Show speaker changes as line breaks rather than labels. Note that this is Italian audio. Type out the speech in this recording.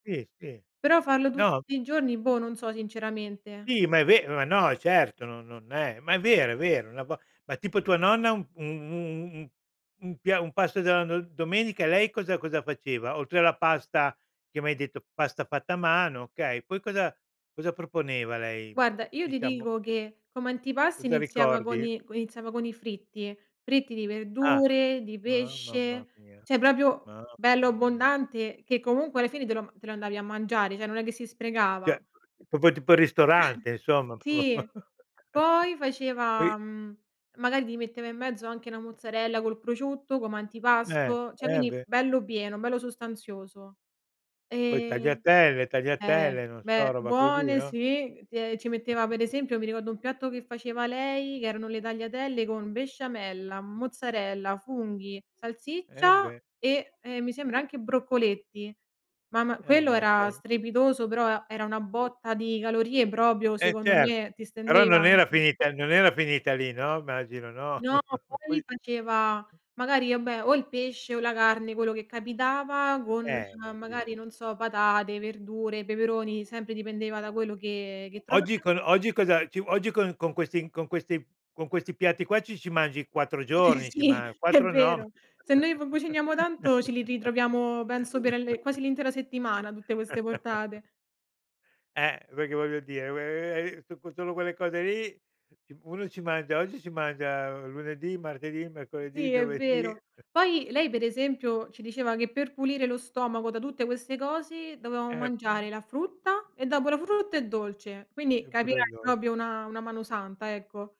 Sì, sì.
Però farlo
No.
tutti i giorni, boh, non so sinceramente, eh.
Sì, ma è vero. Ma no, certo, no non è ma è vero, è vero [unintelligible] ma tipo tua nonna un un un un un pia un pasto della do domenica, lei cosa cosa faceva? Oltre alla pasta, che m'hai detto pasta fatta a mano, okay, poi cosa cosa proponeva lei
Guarda, io ti
diciamo.
dico che come antipasto
Cosa
iniziava con
ricordi?
i co iniziava con i fritti, fritti di
Ah,
verdure, di
ma mamma
pesce,
mia.
cioè proprio bello
Mamma mia.
abbondante che comunque alla fine te lo te lo andavi a mangiare, cioè non è che si sprecava.
Cioè, proprio tipo il ristorante, insomma p
Sì, poi
poi
faceva, mhmm, magari ti metteva in mezzo anche 'na mozzarella col prosciutto come
Eh.
antipasto, cioè
Eh,
quindi
beh.
bello pieno, bello sostanzioso.
Poi
E
tagliatelle,
eh,
tagliatelle, non so,
beh.
roba così,
Buone
no?
sì, ti e ci metteva per esempio, mi ricordo un piatto che faceva lei che erano le tagliatelle con besciamella, mozzarella, funghi,
Eh,
salsiccia
beh.
e e mi sembra anche broccoletti. Mamma
Eh,
quello era
matto.
strepitoso, però era una botta di calorie proprio
Eh,
secondo
certo.
me, ti
Però
stendeva
non era
anche.
finita non era finita lì, no, immagino, no?
No,
Poi
poi faceva magari, vabbè, o il pesce o la carne, quello che capitava, con
Eh, ho capi
magari non so, patate, verdure, peperoni, sempre dipendeva da quello che che trova.
Oggi con oggi cosa ci oggi con con questi con questi con questi piatti qua ci ci mangi 4 giorni, ci
Sì,
man
è
4 no m
vero. Se noi v cuciniamo tanto ce li ritroviamo penso per le quasi l'intera settimana tutte queste portate.
Eh, perché voglio dire [unintelligible] so con solo quelle cose lì, ci uno ci mangia oggi, ci mangia lunedì, martedì, mercoledì,
Sì, è
giovedì.
vero. Poi lei per esempio ci diceva che per pulire lo stomaco da tutte queste cose dovevamo
Eh,
mangiare
poi?
la frutta, e dopo la frutta il dolce, quindi
Eh, pure il
capirai,
dol
proprio una una mano santa, ecco.